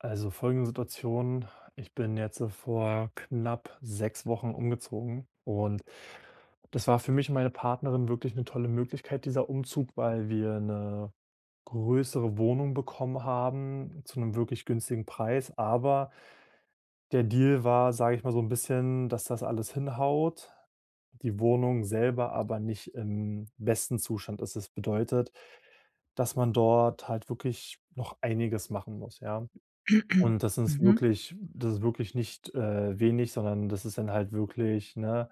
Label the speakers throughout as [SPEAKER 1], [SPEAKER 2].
[SPEAKER 1] Also, folgende Situation: Ich bin jetzt, äh, vor knapp 6 Wochen umgezogen und das war für mich und meine Partnerin wirklich 'ne tolle Möglichkeit, dieser Umzug, weil wir 'ne größere Wohnung bekommen haben, zu 'nem wirklich günstigen Preis. Aber der Deal war, sage ich mal, so 'n bisschen, dass das alles hinhaut, die Wohnung selber aber nicht im besten Zustand. Also, das bedeutet, dass man dort halt wirklich noch einiges machen muss, ja? Und das ist
[SPEAKER 2] Mhm.
[SPEAKER 1] wirklich das ist wirklich nicht, äh, wenig, sondern das ist dann halt wirklich, ne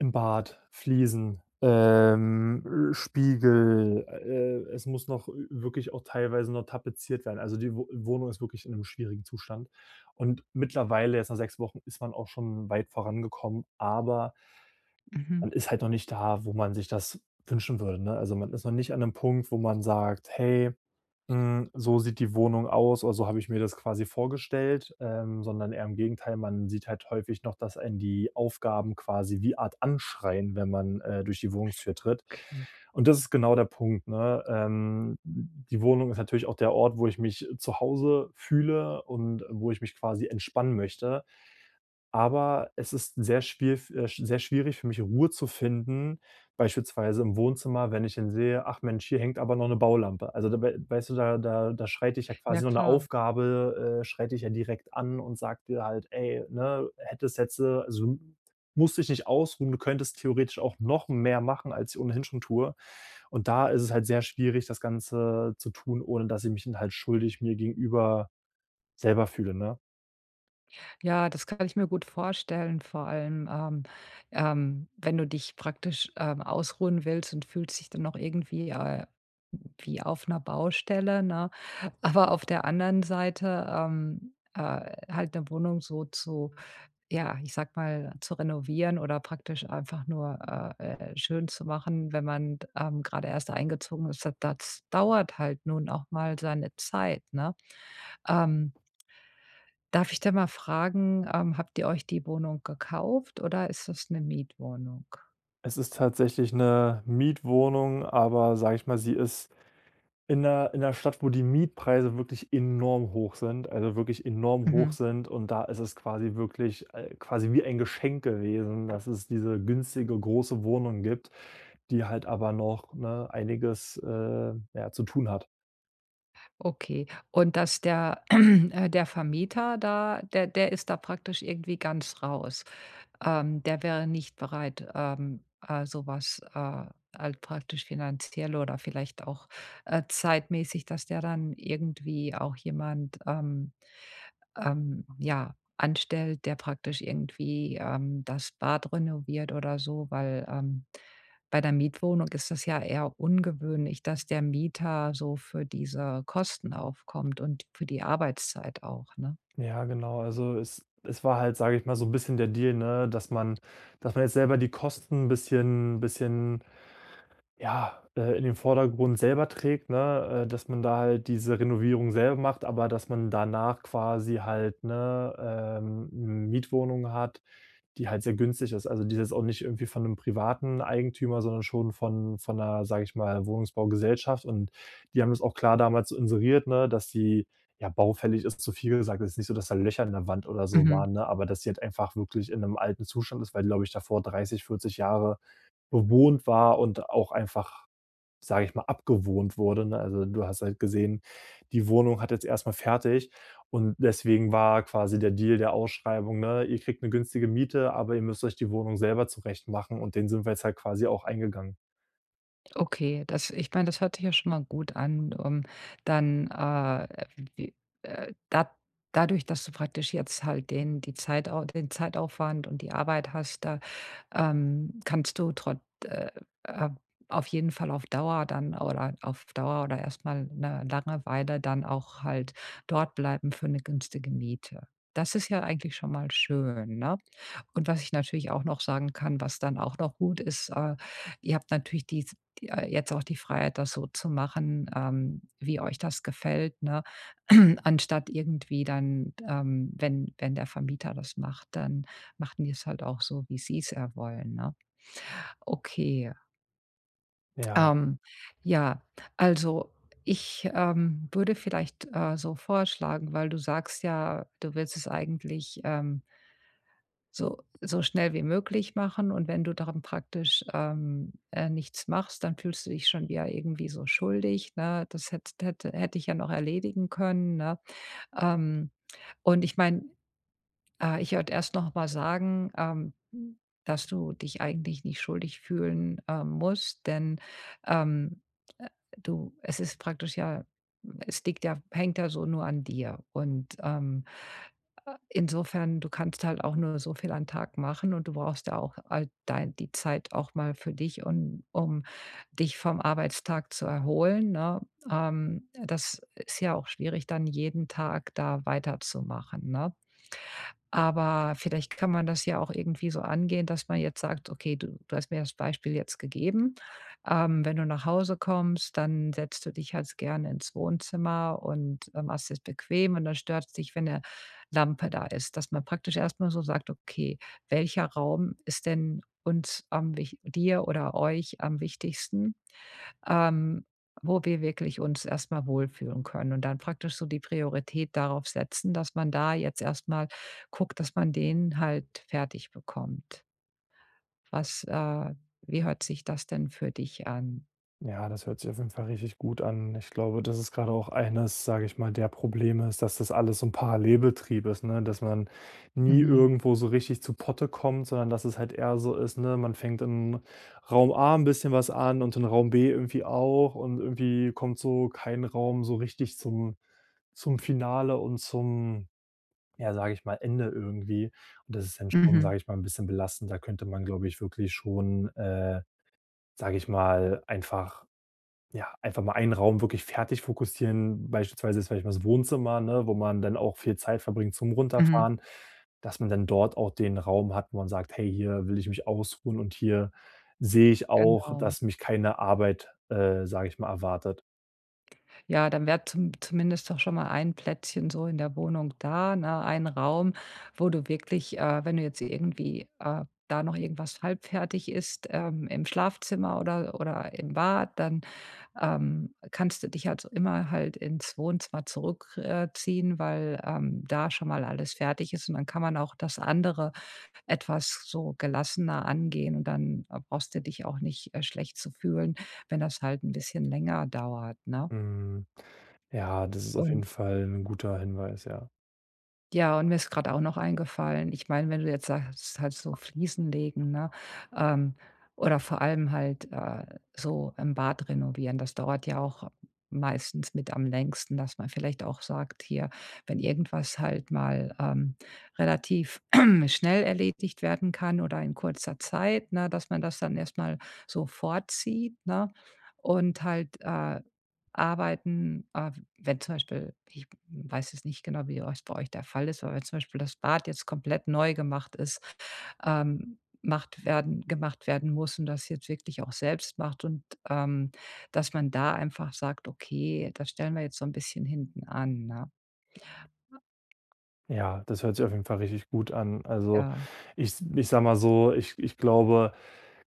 [SPEAKER 1] im Bad, Fliesen, ähm, äh, Spiegel, äh, äh, es muss noch wi wirklich auch teilweise noch tapeziert werden. Also, die Wo Wohnung ist wirklich in 'nem schwierigen Zustand. Und mittlerweile jetzt nach 6 Wochen ist man auch schon weit vorangekommen, aber
[SPEAKER 2] Mhm.
[SPEAKER 1] man ist halt noch nicht da, wo man sich das wünschen würde, ne? Also, man ist noch nicht an 'nem Punkt, wo man sagt: „Hey, hm, so sieht die Wohnung aus oder so habe ich mir das quasi vorgestellt.”, ähm, sondern eher im Gegenteil, man sieht halt häufig noch, dass einen die Aufgaben quasi wie Art anschreien, wenn man, äh, durch die Wohnungstür tritt.
[SPEAKER 2] Okay.
[SPEAKER 1] Und das ist genau der Punkt, ne? Ähm, die Wohnung ist natürlich auch der Ort, wo ich mich zu Hause fühle und wo ich mich quasi entspannen möchte. Aber es ist sehr schwier f äh, sehr schwierig für mich, Ruhe zu finden, beispielsweise im Wohnzimmer, wenn ich dann sehe: „Ach Mensch, hier hängt aber noch 'ne Baulampe.” Also, da w weißt du, da da da schreit dich ja
[SPEAKER 2] Ja
[SPEAKER 1] quasi nur 'ne
[SPEAKER 2] klar.
[SPEAKER 1] Aufgabe äh, schreit dich ja direkt an und sagt dir halt: „Ey, ne, hättest jetzt äh, so musst dich nicht ausruhen. Du könntest theoretisch auch noch mehr machen.” als ich ohnehin schon tue. Und da ist es halt sehr schwierig, das Ganze zu tun, ohne dass ich mich dann halt schuldig mir gegenüber selber fühle, ne?
[SPEAKER 2] Ja, das kann ich mir gut vorstellen. Vor allem, ähm, ähm, wenn du dich praktisch, ähm, ausruhen willst und fühlst dich dann noch irgendwie, äh, wie auf 'ner Baustelle, ne? Aber auf der anderen Seite, ähm, äh, halt 'ne Wohnung so zu, ja ich sage mal zu renovieren oder praktisch einfach nur, äh, äh, schön zu machen, wenn man d ähm, gerade erst eingezogen ist, da das dauert halt nun auch mal seine Zeit, ne? Ähm darf ich denn mal fragen, ähm, habt ihr euch die Wohnung gekauft oder ist das 'ne Mietwohnung?
[SPEAKER 1] Es ist tatsächlich 'ne Mietwohnung, aber sage ich mal, sie ist in der in der Stadt, wo die Mietpreise wirklich enorm hoch sind, also wirklich enorm hoch
[SPEAKER 2] Mhm.
[SPEAKER 1] sind. Und da ist es quasi wirklich, äh, quasi wie ein Geschenk gewesen, dass es diese günstige große Wohnung gibt, die halt aber noch, ne, einiges, äh, ja, zu tun hat.
[SPEAKER 2] Okay. Und dass der äh, der Vermieter da der der ist da praktisch irgendwie ganz raus. Ähm, der wäre nicht bereit, ähm, äh, sowas, äh, halt praktisch finanziell oder vielleicht auch, äh, zeitmässig, dass der dann irgendwie auch jemand, ähm, ähm, ja, anstellt, der praktisch irgendwie, ähm, das Bad renoviert oder so. Weil, ähm, bei der Mietwohnung ist das ja eher ungewöhnlich, dass der Mieter so für diese Kosten aufkommt und für die Arbeitszeit auch, ne?
[SPEAKER 1] Ja, genau. Also, es es war halt, sage ich mal so 'n bisschen der Deal, ne, dass man dass man jetzt selber die Kosten 'n bisschen bisschen, ja, äh, in den Vordergrund selber trägt, ne, äh, dass man da halt diese Renovierung selber macht, aber dass man danach quasi halt, 'ne, ähm, Mietwohnung hat, die halt sehr günstig ist. Also, die ist jetzt auch nicht irgendwie von 'nem privaten Eigentümer, sondern schon von von 'ner, sage ich mal, Wohnungsbaugesellschaft und die haben es auch klar damals inseriert ne, dass die ja baufällig ist, zu viel gesagt, es ist nicht so, dass da Löcher in der Wand oder so
[SPEAKER 2] Mhm.
[SPEAKER 1] waren, ne, aber dass sie halt einfach wirklich in 'nem alten Zustand ist, weil, die glaube ich davor 30, 40 Jahre bewohnt war und auch einfach, sage ich mal, abgewohnt wurde, ne? Also, du hast halt gesehen, die Wohnung hat jetzt erstmal fertig und deswegen war quasi der Deal der Ausschreibung, ne, ihr kriegt 'ne günstige Miete, aber ihr müsst euch die Wohnung selber zurechtmachen und den sind wir jetzt halt quasi auch eingegangen.
[SPEAKER 2] Okay, das ich meine, das hört sich ja schon mal gut an. Ähm, dann, äh w wie, äh dad dadurch, dass du praktisch jetzt halt den die Zeitau den Zeitaufwand und die Arbeit hast, da ähm, kannst du trot äh äh, auf jeden Fall auf Dauer dann oder auf Dauer oder erst mal 'ne lange Weile dann auch halt dortbleiben für 'ne günstige Miete. Das ist ja eigentlich schon mal schön, ne? Und was ich natürlich auch noch sagen kann, was dann auch noch gut ist, äh, ihr habt natürlich dies äh, jetzt auch die Freiheit, das so zu machen, ähm, wie euch das gefällt, ne, anstatt irgendwie dann ähm, wenn wenn der Vermieter das macht, dann machen die es halt auch so, wie sie es ja wollen, ne? Okay.
[SPEAKER 1] Ja.
[SPEAKER 2] Ähm, ja, also ich, ähm, würde vielleicht, äh, so vorschlagen, weil du sagst ja, du willst es eigentlich, ähm so so schnell wie möglich machen. Und wenn du dann praktisch, ähm, äh, nichts machst, dann fühlst du dich schon wieder irgendwie so schuldig, ne? Das hätt hätte hätte ich ja noch erledigen können, ne? Ähm, und ich meine ah, ich wollte erst noch mal sagen, ähm, dass du dich eigentlich nicht schuldig fühlen, ähm, musst, denn, ähm, äh du es ist praktisch ja es liegt ja hängt ja so nur an dir und, ähm, äh, insofern du kannst halt auch nur so viel am Tag machen und du brauchst ja auch all dei die Zeit auch mal für dich, un um dich vom Arbeitstag zu erholen, ne? Ähm, das ist ja auch schwierig, dann jeden Tag da weiterzumachen, ne? Aber vielleicht kann man das ja auch irgendwie so angehen, dass man jetzt sagt, okay, du du hast mir das Beispiel jetzt gegeben, ähm, wenn du nach Hause kommst, dann setzt du dich halt's gerne ins Wohnzimmer und, äh, machst dir's bequem und dann stört's dich, wenn 'ne Lampe da ist. Dass man praktisch erst mal so sagt: „Okay, welcher Raum ist denn uns am wich dir oder euch am wichtigsten, ähm, wo wir wirklich uns erstmal wohlfühlen können?“ Und dann praktisch so die Priorität darauf setzen, dass man da jetzt erst mal guckt, dass man den halt fertig bekommt. Was, äh wie hört sich das denn für dich an?
[SPEAKER 1] Ja, das hört sich auf jeden Fall richtig gut an. Ich glaube, das ist grade auch eines, sage ich mal, der Probleme ist, dass das alles so 'n Parallelbetrieb ist, ne, dass man nie
[SPEAKER 2] Mhm.
[SPEAKER 1] irgendwo so richtig zu Potte kommt, sondern dass es halt eher so ist, ne, man fängt in Raum A 'n bisschen was an und in Raum B irgendwie auch und irgendwie kommt so kein Raum so richtig zum zum Finale und zum, ja, sage ich mal, Ende irgendwie. Und das ist dann schon,
[SPEAKER 2] Mhm.
[SPEAKER 1] sage ich mal, 'n bisschen belastend. Da könnte man glaube ich wirklich schon, äh, sage ich mal, einfach, ja einfach mal einen Raum wirklich fertig fokussieren, beispielsweise ist vielleicht mal das Wohnzimmer, ne, wo man dann auch viel Zeit verbringt zum
[SPEAKER 2] Mhm.
[SPEAKER 1] Runterfahren, dass man dann dort auch den Raum hat, wo man sagt: "Hey, hier will ich mich ausruhen und hier sehe ich auch,
[SPEAKER 2] Genau.
[SPEAKER 1] dass mich keine Arbeit, äh, sage ich mal, erwartet."
[SPEAKER 2] Ja, dann wäre zum zumindest doch schon mal ein Plätzchen so in der Wohnung da, ne, ein Raum, wo du wirklich, äh, wenn du jetzt irgendwie, äh, da noch irgendwas halbfertig ist, ähm, im Schlafzimmer oder oder im Bad, dann, ähm, kannst du dich halt so immer halt ins Wohnzimmer zurück, äh, ziehen, weil, ähm, da schon mal alles fertig ist. Und dann kann man auch das andere etwas so gelassener angehen. Und dann, äh, brauchst du dich auch nicht, äh, schlecht zu fühlen, wenn das halt 'n bisschen länger dauert, ne?
[SPEAKER 1] Hm, ja, das ist auf jeden
[SPEAKER 2] Und
[SPEAKER 1] Fall 'n guter Hinweis, ja.
[SPEAKER 2] Ja, und mir ist gerade auch noch eingefallen ich meine, wenn du jetzt sagst, halt so Fliesen legen, ne, ähm oder vor allem halt, äh, so im Bad renovieren. Das dauert ja auch meistens mit am längsten, dass man vielleicht auch sagt: „Hier, wenn irgendwas halt mal, ähm, relativ schnell erledigt werden kann oder in kurzer Zeit, ne, dass man das dann erst mal so vorzieht.“, ne? Und halt, äh, Arbeiten äh, w wenn zum Beispiel ich weiß jetzt nicht genau, wie ihr euch bei euch der Fall ist, aber wenn zum Beispiel das Bad jetzt komplett neu gemacht ist, ähm macht werden gemacht werden muss und das jetzt wirklich auch selbst macht, und, ähm, dass man da einfach sagt: „Okay, das stellen wir jetzt so 'n bisschen hinten an, ne?“
[SPEAKER 1] Ja, das hört sich auf jeden Fall richtig gut an. Also,
[SPEAKER 2] Ja.
[SPEAKER 1] ich ich sage mal so, ich ich glaube,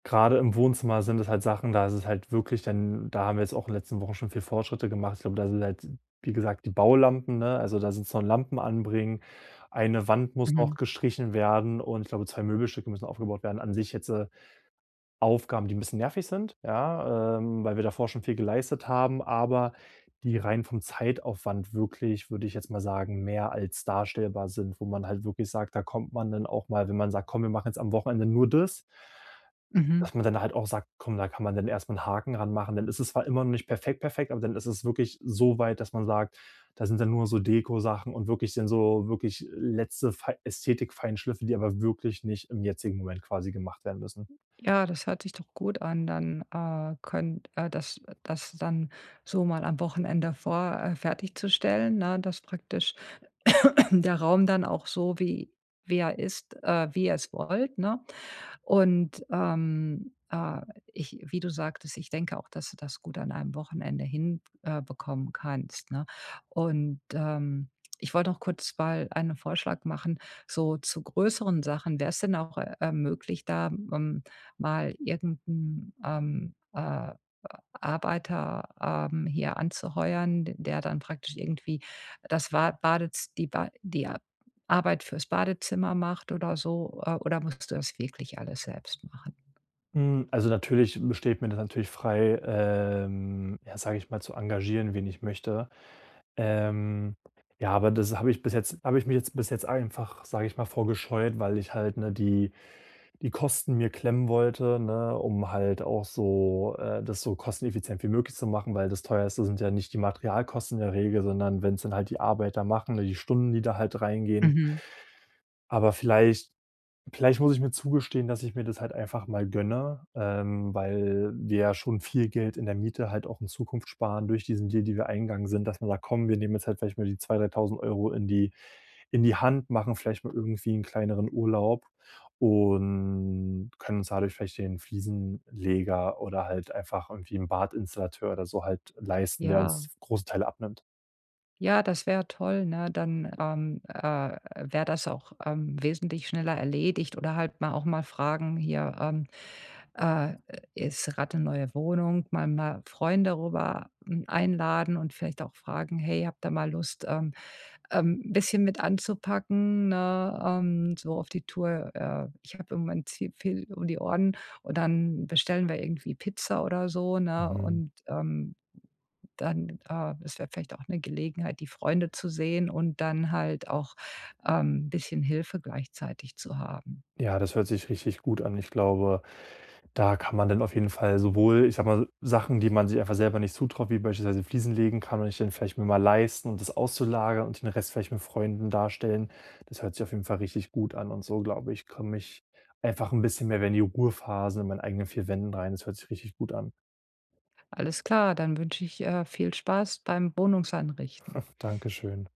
[SPEAKER 1] gerade im Wohnzimmer sind es halt Sachen, da ist es halt wirklich dann da haben wir jetzt auch in den letzten Wochen schon viel Fortschritte gemacht. Und da sind halt, wie gesagt, die Baulampen, ne? Also, da sind es noch Lampen anbringen. Eine Wand muss auch
[SPEAKER 2] Mhm.
[SPEAKER 1] gestrichen werden und ich glaube 2 Möbelstücke müssen aufgebaut werden. An sich jetzt, äh, Aufgaben, die 'n bisschen nervig sind ja, ähm, weil wir davor schon viel geleistet haben, aber die rein vom Zeitaufwand wirklich, würde ich jetzt mal sagen, mehr als darstellbar sind, wo man halt wirklich sagt: „Da kommt man dann auch mal "wenn man sagt: „Komm, wir machen jetzt am Wochenende nur das"
[SPEAKER 2] Mhm.
[SPEAKER 1] dass man dann halt auch sagt: „Komm, da kann man dann erstmal 'n Haken dran machen.“ Dann ist es zwar immer noch nicht perfekt, perfekt, aber dann ist es wirklich so weit, dass man sagt: „Da sind dann nur noch so Dekosachen und wirklich dann so wirklich letzte fei Ästhetik-Feinschliffe, die aber wirklich nicht im jetzigen Moment quasi gemacht werden müssen.“
[SPEAKER 2] Ja, das hört sich doch gut an. Dann, äh, könnt äh, das das dann so mal am Wochenende vor äh, fertigzustellen, ne, dass praktisch der Raum dann auch so wie wie er ist, äh wie ihr es wollt, ne? Und, ähm, äh, ich wie du sagtest, ich denke auch, dass du das gut an einem Wochenende hin äh, bekommen kannst, ne? Und, ähm, ich wollte noch kurz mal einen Vorschlag machen, so zu größeren Sachen. Wäre es denn auch, äh, möglich, da möm mal irgend 'n, ähm äh, Arbeiter, ähm, hier anzuheuern, d der dann praktisch irgendwie das Wa Badez die Ba die Arbeit fürs Badezimmer macht oder so, äh, oder musst du das wirklich alles selbst machen?
[SPEAKER 1] Hm. Also natürlich be steht mir das natürlich frei, ähm, ja, sage ich mal, zu engagieren, wen ich möchte. Ähm, ja, aber das habe ich bis jetzt habe ich mich jetzt bis jetzt einfach, sage ich mal, vor gescheut, weil ich halt, ne, die die Kosten mir klemmen wollte, ne, um halt auch so äh, das so kosteneffizient wie möglich zu machen, weil das teuerste sind ja nicht die Materialkosten in der Regel, sondern wenn's dann halt die Arbeiter machen, ne, die Stunden, die da halt reingehen.
[SPEAKER 2] Mhm.
[SPEAKER 1] Aber vielleicht vielleicht muss ich mir zugestehen, dass ich mir das halt einfach mal gönne, ähm, weil wir ja schon viel Geld in der Miete halt auch in Zukunft sparen durch diesen Deal, den wir eingegangen sind. Dass man sagt: „Komm, wir nehmen jetzt halt vielleicht mal die 2- 3.000 € in die in die Hand, machen vielleicht mal irgendwie 'n kleineren Urlaub und können uns dadurch vielleicht den Fliesenleger oder halt einfach irgendwie 'n Badinstallateur oder so halt leisten, der
[SPEAKER 2] Ja.
[SPEAKER 1] uns f großen Teil abnimmt.“
[SPEAKER 2] Ja, das wär toll, ne? Dann, ähm, äh, wär das auch, ähm, wesentlich schneller erledigt, oder halt mal auch mal fragen: „Hier, ähm, äh, ist [unintelligible] 'ne neue Wohnung.” Mal mal Freunde rüber, hm, einladen und vielleicht auch fragen: „Hey, habt ihr mal Lust, ähm, ähm, 'n bisschen mit anzupacken“, ne, ähm, so auf die Tour. „Äh, ich habe im Moment zu viel um die Ohren. Und dann bestellen wir irgendwie Pizza oder so”, ne?
[SPEAKER 1] Mhm.
[SPEAKER 2] Und, ähm, dann, äh es wäre vielleicht auch 'ne Gelegenheit, die Freunde zu sehen und dann halt auch, ähm, bisschen Hilfe gleichzeitig zu haben.
[SPEAKER 1] Ja, das hört sich richtig gut an. Ich glaube, da kann man dann auf jeden Fall sowohl ich sage mal Sachen, die man sich einfach selber nicht zutraut, wie beispielsweise Fliesen legen, kann man sich dann vielleicht mal leisten, und das auszulagern und den Rest vielleicht mit Freunden darstellen. Das hört sich auf jeden Fall richtig gut an und so, glaube ich, komme ich einfach 'n bisschen mehr wieder in die Ruhephase in meinen eigenen vier Wänden rein. Das hört sich richtig gut an.
[SPEAKER 2] Alles klar. Dann wünsche ich, äh, viel Spaß beim Wohnungseinrichten.
[SPEAKER 1] Danke schön.